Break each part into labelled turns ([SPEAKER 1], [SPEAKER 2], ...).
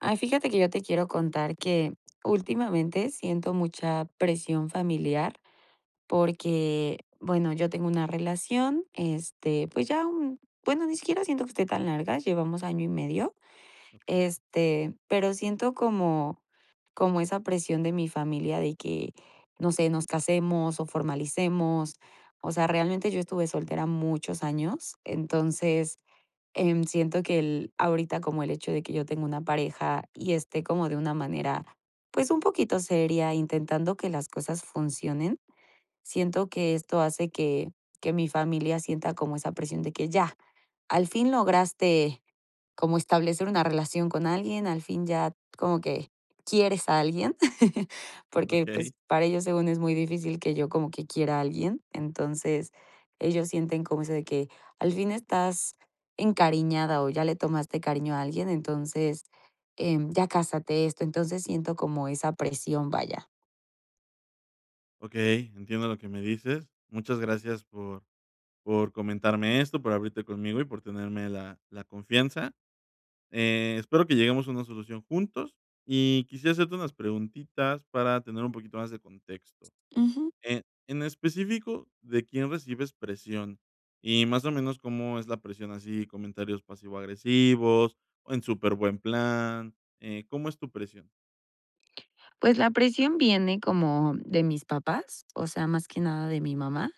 [SPEAKER 1] Ay, fíjate que yo te quiero contar que, últimamente siento mucha presión familiar porque, bueno, yo tengo una relación, este, pues ya un, bueno, ni siquiera siento que esté tan larga, llevamos año y medio,
[SPEAKER 2] Okey.
[SPEAKER 1] este, pero siento como como esa presión de mi familia de que, no sé, nos casemos o formalicemos. O sea, realmente yo estuve soltera muchos años, entonces, em, siento que el ahorita como el hecho de que yo tengo una pareja, y esté como de una manera, pues un poquito seria intentando que las cosas funcionen, siento que esto hace que que mi familia sienta como esa presión de que ya, al fin lograste como establecer una relación con alguien, al fin ya como que quieres a alguien, porque, pues,
[SPEAKER 2] Okey.
[SPEAKER 1] para ellos según es muy difícil que yo como que quiera a alguien. Entonces, ellos sienten como eso de que, al fin estás encariñada o ya le tomaste cariño a alguien, entonces, em, ya cásate, esto. Entonces, siento como esa presión, vaya.
[SPEAKER 2] Okey, entiendo lo que me dices. Muchas gracias por por comentarme esto, por abrirte conmigo y por tenerme la la confianza. Eh, espero que lleguemos a una solución juntos. Y quisiera hacerte unas preguntitas para tener un poquito más de contexto.
[SPEAKER 1] Ujú.
[SPEAKER 2] Eh, en específico, ¿de quién recibes presión? Y más o menos, ¿cómo es la presión? Así, comentarios pasivo agresivos, o en superbuen plan, eh, ¿cómo es tu presión?
[SPEAKER 1] Pues, la presión viene como de mis papás, o sea, más que nada de mi mamá.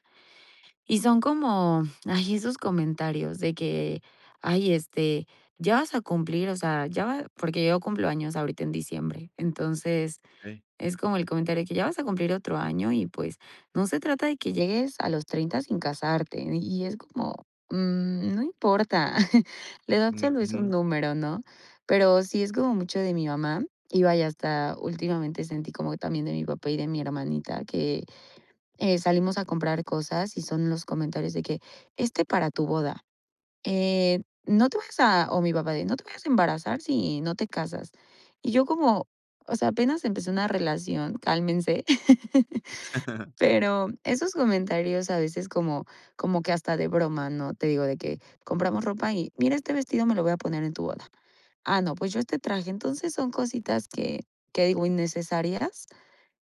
[SPEAKER 1] Y son como, ay, esos comentarios de que, ay, este, ya vas a cumplir, o sea, ya va porque yo cumplo años ahorita en diciembre. Entonces,
[SPEAKER 2] Okey.
[SPEAKER 1] es como el comentario de que, ya vas a cumplir otro año y, pues, no se trata de que llegues a los 30 sin casarte. Y es como, mm, no importa. La edad solo es un
[SPEAKER 2] Ujú.
[SPEAKER 1] número, ¿no? Pero sí es como mucho de mi mamá y, vaya, hasta últimamente sentí como también de mi papá y de mi hermanita que, eh, salimos a comprar cosas y son los comentarios de que, este para tu boda, eh, no te vayas a o mi papá de, no te vayas a embarazar si no te casas. Y yo como, o sea, apenas empecé una relación, cálmense. Pero, esos comentarios a veces como como que hasta de broma, ¿no? Te digo de que, compramos ropa y, mira, este vestido me lo voy a poner en tu boda. Ah, no, pues yo este traje. Entonces, son cositas que que digo innecesarias,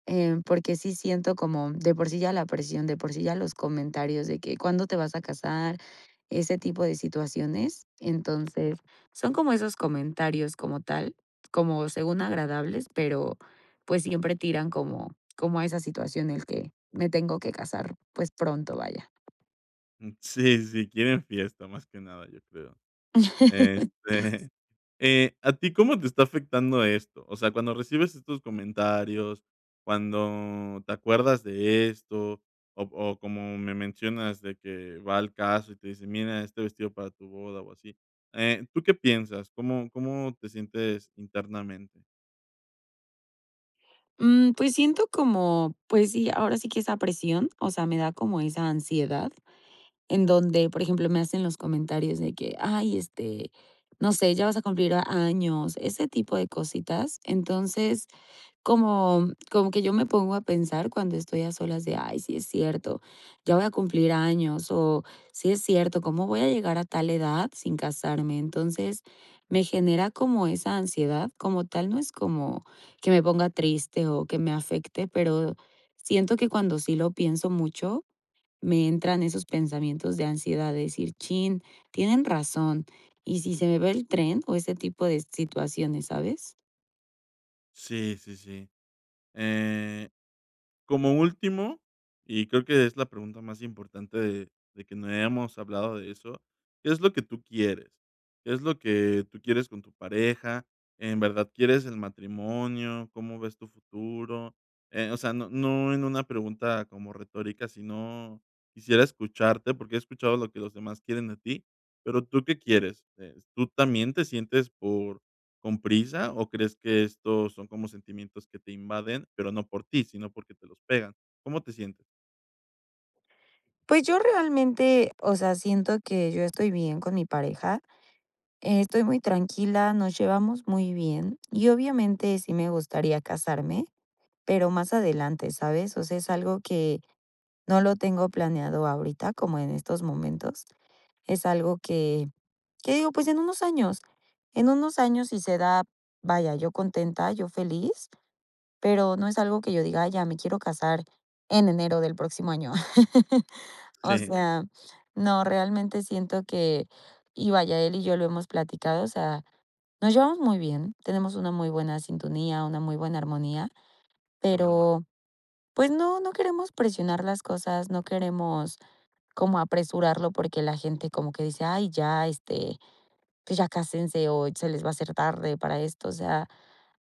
[SPEAKER 1] em, porque sí siento como de por sí ya la presión, de por sí ya los comentarios de que cuándo te vas a casar, ese tipo de situaciones. Entonces, son como esos comentarios como tal, como según agradables, pero, pues, siempre tiran como como a esa situación el que me tengo que casar, pues, pronto, vaya.
[SPEAKER 2] Mm, sí, sí. Quieren fiesta más que nada, yo creo. Este, eh, ¿a ti cómo te está afectando esto? O sea, cuando recibes estos comentarios, cuando te acuerdas de esto o o como me mencionas de que va al caso y te dicen, mira, este vestido para tu boda o así, eh, ¿tú qué piensas? ¿Cómo cómo te sientes internamente?
[SPEAKER 1] Mm, pues, siento como, pues sí, ahora sí que, esa presión, o sea, me da como esa ansiedad en donde, por ejemplo, me hacen los comentarios de que, ay, este, no sé: "Ya vas a cumplir años", ese tipo de cositas, entonces, como como que yo me pongo a pensar cuando estoy a solas de: "Ay, sí es cierto, ya voy a cumplir años o sí es cierto, ¿cómo voy a llegar a tal edad sin casarme?", entonces, me genera como esa ansiedad, como tal, no es como que me ponga triste o que me afecte, pero, siento que cuando sí lo pienso mucho, me entran esos pensamientos de ansiedad de decir: "Chin, tienen razón, ¿y si se me va el tren?", o ese tipo de situaciones, ¿sabes?
[SPEAKER 2] Sí, sí, sí, eh, como último, y creo que es la pregunta más importante de de que no hemos hablado de eso, ¿qué es lo que tú quieres?, ¿qué es lo que tú quieres con tu pareja?, ¿en verdad quieres el matrimonio?, ¿cómo ves tu futuro?, eh, o sea, no no en una pregunta como retórica, sino, quisiera escucharte porque he escuchado lo que los demás quieren de ti, pero, ¿tú qué quieres?, eh, ¿tú también te sientes por con prisa, o crees que estos son como sentimientos que te invaden, pero no por ti, sino porque te los pegan?, ¿cómo te sientes?
[SPEAKER 1] Pues, yo realmente, o sea, siento que yo estoy bien con mi pareja, estoy muy tranquila, nos llevamos muy bien y obviamente sí me gustaría casarme, pero más adelante, ¿sabes?, o sea, es algo que, no lo tengo planeado ahorita, como en estos momentos, es algo que que digo, pues, en unos años, en unos años, si se da, vaya, yo contenta, yo feliz, pero no es algo que yo diga: "Ay, ya me quiero casar en enero del próximo año", o
[SPEAKER 2] Sí.
[SPEAKER 1] sea, no, realmente siento que, y vaya, él y yo lo hemos platicado, o sea, nos llevamos muy bien, tenemos una muy buena sintonía, una muy buena armonía,
[SPEAKER 2] Que bueno.
[SPEAKER 1] pero, pues no, no queremos presionar las cosas, no queremos como apresurarlo porque la gente como que dice: "Ay, ya, este, pues, ya cásense o se les va a hacer tarde para esto", o sea,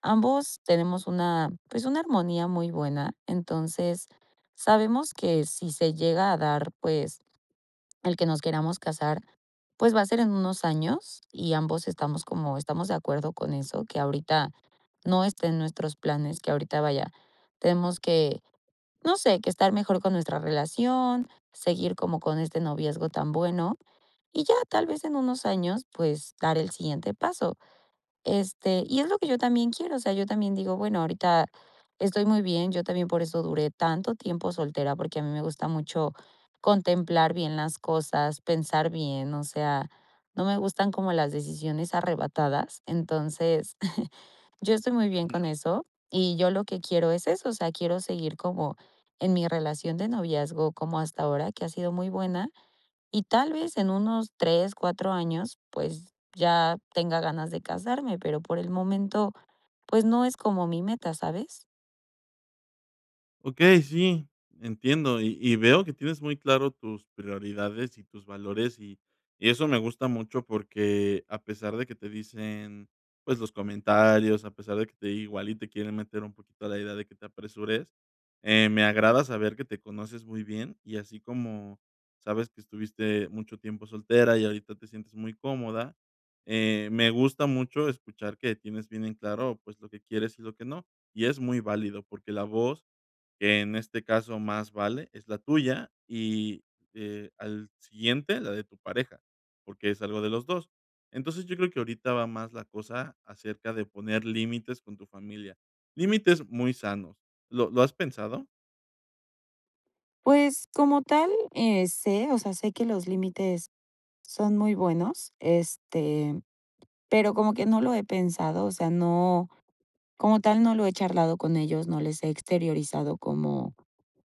[SPEAKER 1] ambos tenemos una, pues, una armonía muy buena, entonces, sabemos que si se llega a dar, pues, el que nos queramos casar, pues, va a ser en unos años y ambos estamos como estamos de acuerdo con eso, que ahorita no esté en nuestros planes, que ahorita, vaya, tenemos que, no sé, que estar mejor con nuestra relación, seguir como con este noviazgo tan bueno y ya, tal vez en unos años, pues, dar el siguiente paso, este, y es lo que yo también quiero, o sea, yo también digo, bueno, ahorita estoy muy bien, yo también por eso duré tanto tiempo soltera, porque a mí me gusta mucho contemplar bien las cosas, pensar bien, o sea, no me gustan como las decisiones arrebatadas, entonces, yo estoy muy bien
[SPEAKER 2] Ujú.
[SPEAKER 1] con eso, y yo lo que quiero es eso, o sea, quiero seguir como en mi relación de noviazgo como hasta ahora que ha sido muy buena y tal vez en unos 3, 4 años, pues, ya tenga ganas de casarme, pero por el momento, pues, no es como mi meta, ¿sabes?
[SPEAKER 2] Okey, sí, entiendo, y y veo que tienes muy claro tus prioridades y tus valores, y y eso me gusta mucho, porque a pesar de que te dicen, pues, los comentarios, a pesar de que te igual y te quieren meter un poquito a la idea de que te apresures, eh, me agrada saber que te conoces muy bien, y así como, sabes que estuviste mucho tiempo soltera y ahorita te sientes muy cómoda, eh, me gusta mucho escuchar que tienes bien en claro, pues, lo que quieres y lo que no, y es muy válido, porque la voz que en este caso más vale es la tuya y, eh, al siguiente, la de tu pareja, porque es algo de los 2 Entonces, yo creo que ahorita va más la cosa acerca de poner límites con tu familia, límites muy sanos, ¿lo lo has pensado?
[SPEAKER 1] Pues, como tal, eh, sé, o sea, sé que los límites son muy buenos, este, pero como que no lo he pensado, o sea, no, como tal, no lo he charlado con ellos, no les he exteriorizado como,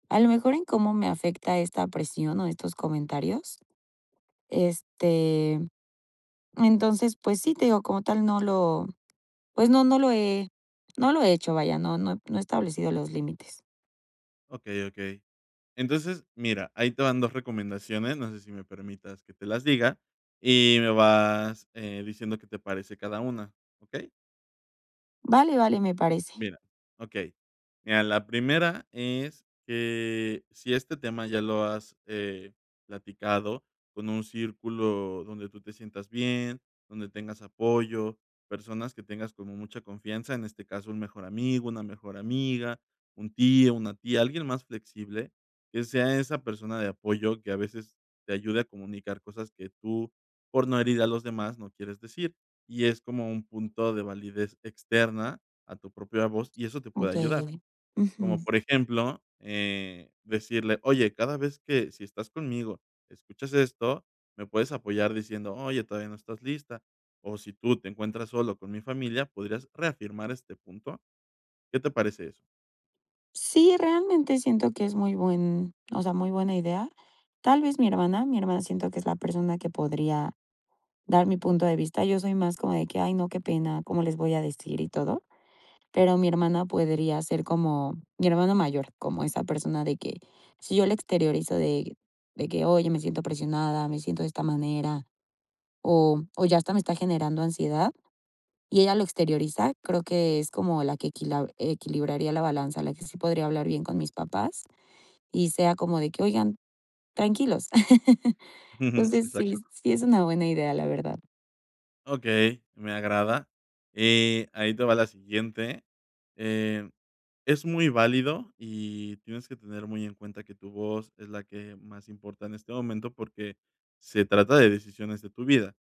[SPEAKER 1] a lo mejor en cómo me afecta esta presión o estos comentarios. Este, entonces, pues sí, te digo, como tal no lo, pues no, no lo he no lo he hecho, vaya, no no he no he establecido los límites.
[SPEAKER 2] Okey, okey, entonces mira, ahí te van 2 recomendaciones, no sé, si, me permitas que te las diga y me vas, eh, diciendo que te parece cada una, okey.
[SPEAKER 1] Vale, vale, me parece.
[SPEAKER 2] Mira, okey, mira, la primera es que si este tema ya lo has, eh, platicado con un círculo donde tú te sientas bien, donde tengas apoyo, personas que tengas como mucha confianza, en este caso un mejor amigo, una mejor amiga, un tío, una tía, alguien más flexible, que sea esa persona de apoyo que a veces te ayude a comunicar cosas que tú, por no herir a los demás, no quieres decir, y es como un punto de validez externa a tu propia voz y eso te puede ayudar,
[SPEAKER 1] Okey,
[SPEAKER 2] como,
[SPEAKER 1] ujú.
[SPEAKER 2] por ejemplo, eh, decirle: "Oye, cada vez que, si estás conmigo, escuchas esto, me puedes apoyar", diciendo: "Oye, todavía no estás lista", o si tú te encuentras solo con mi familia, podrías reafirmar este punto, ¿qué te parece eso?
[SPEAKER 1] Sí, realmente siento que es muy buen, o sea, muy buena idea, tal vez, mi hermana mi hermana siento que es la persona que podría dar mi punto de vista, yo soy más como de que: "Ay, no, qué pena, cómo les voy a decir y todo", pero mi hermana podría ser como, mi hermana mayor, como esa persona de que, si yo la exteriorizo de de que: "Oye, me siento presionada, me siento de esta manera", o o ya hasta me está generando ansiedad y ella lo exterioriza, creo que es como la que equila equilibraría la balanza, la que sí podría hablar bien con mis papás, y sea como de que: "Oigan, tranquilos", entonces, sí,
[SPEAKER 2] Exacto.
[SPEAKER 1] sí es una buena idea, la verdad.
[SPEAKER 2] Okey, me agrada, eh, ahí te va la siguiente. Eh, es muy válido y tienes que tener muy en cuenta que tu voz es la que más importa en este momento, porque se trata de decisiones de tu vida.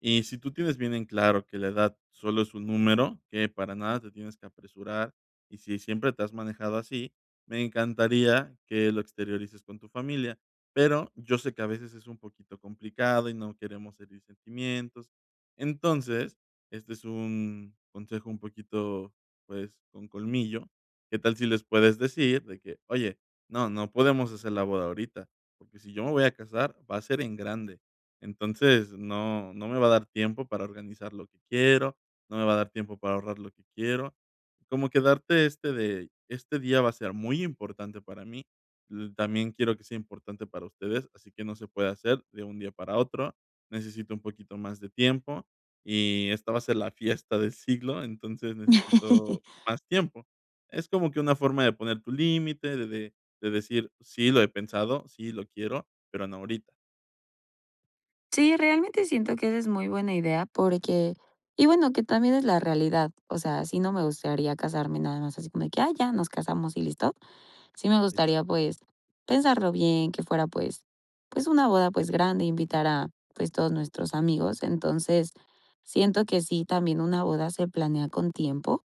[SPEAKER 2] Y si tú tienes bien en claro que la edad solo es un número, que para nada te tienes que apresurar y si siempre te has manejado así, me encantaría que lo exteriorices con tu familia. Pero yo sé que a veces es un poquito complicado y no queremos herir sentimientos. Entonces, este es un consejo un poquito, pues, con colmillo, ¿qué tal si les puedes decir de que: "Oye, no, no podemos hacer la boda ahorita, porque si yo me voy a casar, va a ser en grande. Entonces, no no me va a dar tiempo para organizar lo que quiero, no me va a dar tiempo para ahorrar lo que quiero", como que darte este de: "Este día va a ser muy importante para mí, mm, también quiero que sea importante para ustedes, así que no se puede hacer de un día para otro. Necesito un poquito más de tiempo y esta va a ser la fiesta de siglo, entonces necesito más tiempo". Es como que una forma de poner tu límite de de de decir: "Sí lo he pensado, sí lo quiero, pero no ahorita".
[SPEAKER 1] Sí, realmente siento que esa es muy buena idea porque y bueno, que también es la realidad, o sea, sí no me gustaría casarme nada más así como de que: "Ah, ya nos casamos y listo", sí me
[SPEAKER 2] Ahí está.
[SPEAKER 1] gustaría, pues, pensarlo bien, que fuera, pues, pues una boda, pues, grande, invitar a, pues, todos nuestros amigos, entonces, siento que sí, también una boda se planea con tiempo,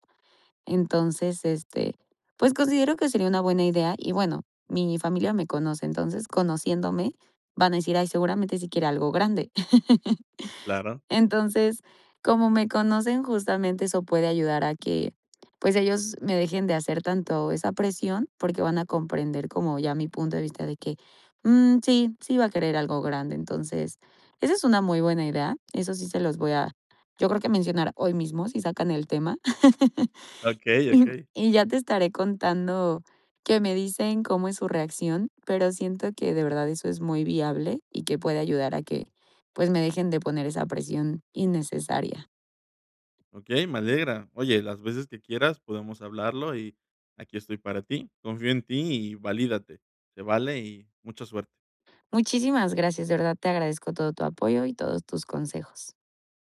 [SPEAKER 1] entonces, este, pues, considero que sería una buena idea y, bueno, mi familia me conoce, entonces, conociéndome, van a decir: "Ay, seguramente si quiere algo grande",
[SPEAKER 2] Claro.
[SPEAKER 1] entonces, como me conocen, justamente eso puede ayudar a que, pues ellos me dejen de hacer tanto esa presión porque van a comprender como ya mi punto de vista de que: "Mm, sí, sí va a querer algo grande", entonces, esa es una muy buena idea, eso sí se los voy a yo creo que mencionar hoy mismo, si sacan el tema,
[SPEAKER 2] Okey,
[SPEAKER 1] y
[SPEAKER 2] okey.
[SPEAKER 1] y ya te estaré contando qué me dicen cómo es su reacción, pero siento que de verdad eso es muy viable y que puede ayudar a que, pues me dejen de poner esa presión innecesaria.
[SPEAKER 2] Okey, me alegra, oye, las veces que quieras podemos hablarlo y aquí estoy para ti, confío en ti y valídate, se vale y mucha suerte.
[SPEAKER 1] Muchísimas gracias, de verdad te agradezco todo tu apoyo y todos tus consejos.